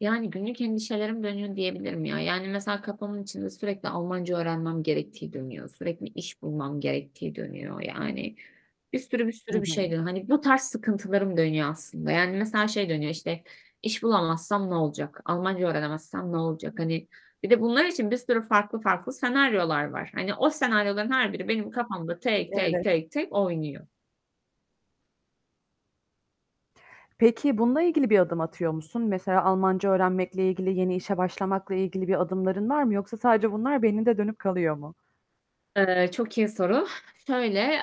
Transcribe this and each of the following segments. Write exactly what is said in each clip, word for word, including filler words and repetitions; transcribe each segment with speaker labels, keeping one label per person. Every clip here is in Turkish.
Speaker 1: Yani günlük endişelerim dönüyor diyebilirim ya. Yani, mesela kafamın içinde sürekli Almanca öğrenmem gerektiği dönüyor. Sürekli iş bulmam gerektiği dönüyor. Yani, bir sürü bir
Speaker 2: Hı
Speaker 1: sürü bir şey
Speaker 2: hı.
Speaker 1: dönüyor. Hani bu tarz sıkıntılarım dönüyor aslında, yani, mesela şey dönüyor işte; "İş bulamazsam ne olacak, Almanca öğrenemezsem ne olacak?" Hani, bir de bunlar için bir sürü farklı farklı senaryolar var. Hani, o senaryoların her biri benim kafamda tek, tek,
Speaker 2: Evet.
Speaker 1: tek, tek oynuyor.
Speaker 2: Peki, bununla ilgili bir adım atıyor musun? Mesela Almanca öğrenmekle ilgili, yeni işe başlamakla ilgili bir adımların var mı yoksa sadece bunlar beyninde dönüp kalıyor mu?
Speaker 1: Eee, çok iyi soru. Şöyle: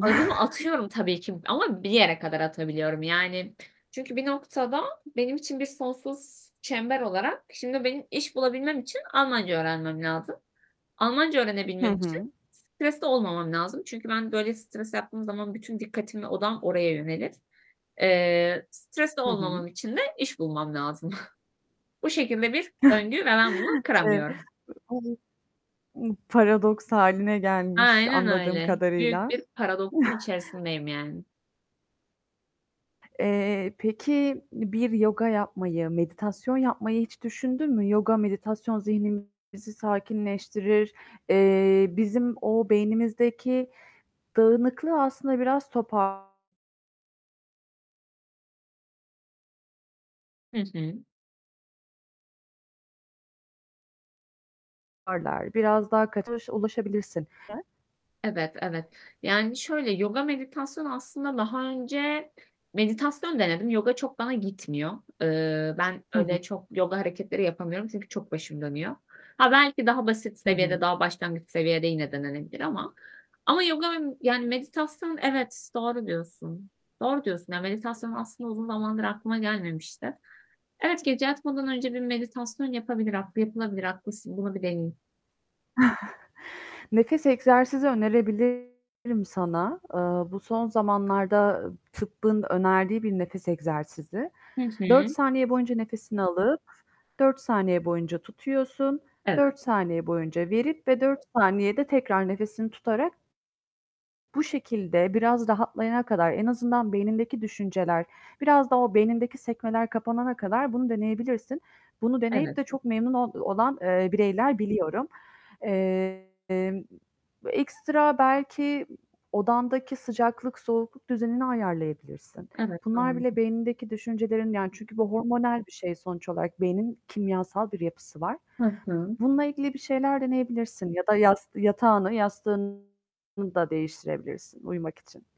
Speaker 1: Adımı atıyorum tabii ki ama bir yere kadar atabiliyorum. Yani, çünkü bir noktada benim için bir sonsuz çember olarak Şimdi benim iş bulabilmem için Almanca öğrenmem lazım. Almanca
Speaker 2: Hı
Speaker 1: öğrenebilmem için
Speaker 2: hı.
Speaker 1: stresli olmamam lazım çünkü ben böyle stres yaptığım zaman bütün dikkatim ve odağım oraya yönelir. Eee, stresli
Speaker 2: Hı hı.
Speaker 1: olmamam için de iş bulmam lazım. Bu şekilde bir döngü ve ben bunu
Speaker 2: E
Speaker 1: kıramıyorum.
Speaker 2: [unintelligible] Imm, paradoks hâline gelmiş
Speaker 1: Aynen
Speaker 2: anladığım
Speaker 1: öyle. Büyük
Speaker 2: kadarıyla.
Speaker 1: bir paradoksun içerisindeyim yani.
Speaker 2: Eee, peki, bir yoga yapmayı, meditasyon yapmayı hiç düşündün mü? Yoga, meditasyon zihnimizi sakinleştirir. Eee, bizim o beynimizdeki dağınıklığı aslında biraz topar
Speaker 1: Hı hı.
Speaker 2: toparlar. Biraz daha kaçış ulaşabilirsin.
Speaker 1: Evet, evet. Yani, şöyle yoga meditasyonu aslında daha önce Meditasyon denedim, yoga çok bana gitmiyor. Eee, ben
Speaker 2: Hı hı.
Speaker 1: öyle çok yoga hareketleri yapamıyorum çünkü çok başım dönüyor. Ha, belki daha basit
Speaker 2: Hı hı.
Speaker 1: seviyede daha başlangıç seviyede yine denenebilir ama Ama yoga yani meditasyon Evet, doğru diyorsun. Doğru diyorsun yani meditasyon aslında uzun zamandır aklıma gelmemişti. Evet gece yatmadan önce bir meditasyon yapabilir, [unintelligible] yapılabilir haklısın. Bunu bir deneyeyim.
Speaker 2: Nefes egzersizi önerebilirim sana. Iıı, bu son zamanlarda tıbbın önerdiği bir nefes egzersizi.
Speaker 1: Hı
Speaker 2: dört
Speaker 1: hı.
Speaker 2: saniye boyunca nefesini alıp dört saniye boyunca tutuyorsun. dört
Speaker 1: Evet.
Speaker 2: saniye boyunca verip ve dört saniyede tekrar nefesini tutarak bu şekilde, biraz rahatlayana kadar, en azından beynindeki düşünceler, biraz da o beynindeki sekmeler kapanana kadar bunu deneyebilirsin. Bunu deneyip
Speaker 1: Evet.
Speaker 2: de çok memnun ol olan, eee, bireyler biliyorum. Emm, ekstra belki odandaki sıcaklık, soğukluk düzenini ayarlayabilirsin.
Speaker 1: Evet.
Speaker 2: Bunlar bile
Speaker 1: [unintelligible]
Speaker 2: beynindeki düşüncelerin Yani, bu hormonal bir şey sonuç olarak beynin kimyasal bir yapısı var.
Speaker 1: Hı hı.
Speaker 2: Bununla ilgili bir şeyler deneyebilirsin. Ya da yas yatağını, yastığını da değiştirebilirsin uyumak için.